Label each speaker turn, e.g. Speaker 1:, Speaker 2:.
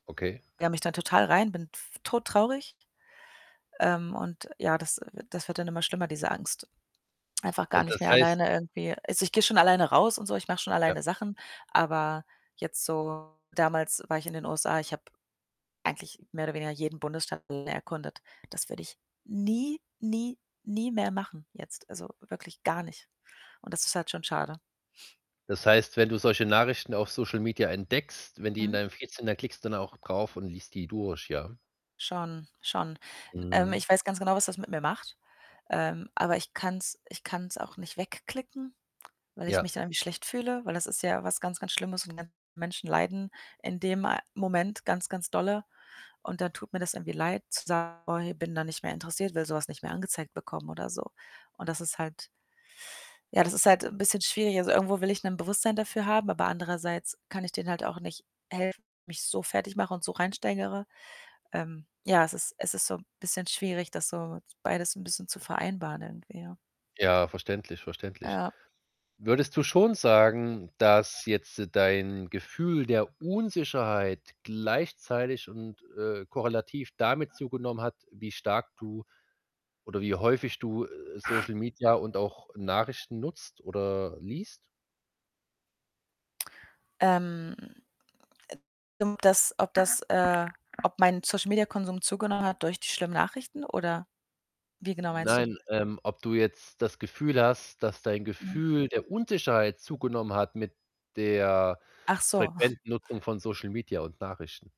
Speaker 1: Okay.
Speaker 2: Ja, mich da total rein, bin f todtraurig. Ähm, und ja, das, äh das wird dann immer schlimmer, diese Angst. Einfach gar
Speaker 1: Al
Speaker 2: nicht
Speaker 1: das
Speaker 2: mehr
Speaker 1: heißt
Speaker 2: alleine irgendwie also, ich gehe schon alleine raus und so, ich mache schon
Speaker 1: Ja.
Speaker 2: alleine Sachen, aber jetzt so damals war ich in den USA, ich habe eigentlich mehr oder weniger jeden Bundesstaat erkundet. Das würde ich nie, nie, nie mehr machen jetzt, also, wirklich gar nicht. Und das ist halt schon schade.
Speaker 1: Das heißt, wenn du solche Nachrichten auf Social Media entdeckst, wenn die in
Speaker 2: Mhm.
Speaker 1: deinem Feed sind, dann klickst du dann auch drauf und liest die durch, ja?
Speaker 2: Schon, schon. Ähm,
Speaker 1: Mhm.
Speaker 2: ich weiß ganz genau, was das mit mir macht, ähm, aber ich kann's ich kann's auch nicht wegklicken, weil ich
Speaker 1: Ja.
Speaker 2: mich dann irgendwie schlecht fühle, weil das ist ja was ganz, ganz Schlimmes und die ganzen Menschen leiden in dem, äh, Moment ganz, ganz dolle und dann tut mir das irgendwie leid, zu sagen: „Oh hey, bin da nicht mehr interessiert, will so was nicht mehr angezeigt bekommen“, oder so. Und das ist halt ja, das ist halt 'n bisschen schwierig. Also, irgendwo will ich 'n Bewusstsein dafür haben, aber andererseits kann ich denen halt auch nicht helfen, mich so fertig mache und so reinsteigere. Ähm, ja, es ist es ist so bisschen schwierig, das so beides 'n bisschen zu vereinbaren irgendwie, ja.
Speaker 1: Ja, verständlich, verständlich.
Speaker 2: Ja.
Speaker 1: Würdest du schon sagen, dass jetzt dein Gefühl der Unsicherheit gleichzeitig und, äh, korrelativ damit zugenommen hat, wie stark du oder wie häufig du, äh, Social Media und auch Nachrichten nutzt oder liest?
Speaker 2: Ähm, [unintelligible] um das ob das, äh ob mein Social-Media-Konsum zugenommen hat durch die schlimmen Nachrichten? Oder wie genau meinst du?
Speaker 1: Nein, ähm, ob du jetzt das Gefühl hast, dass dein
Speaker 2: Mhm.
Speaker 1: Gefühl der Unsicherheit zugenommen hat mit der
Speaker 2: Ach so.
Speaker 1: frequenten Nutzung von Social Media und Nachrichten.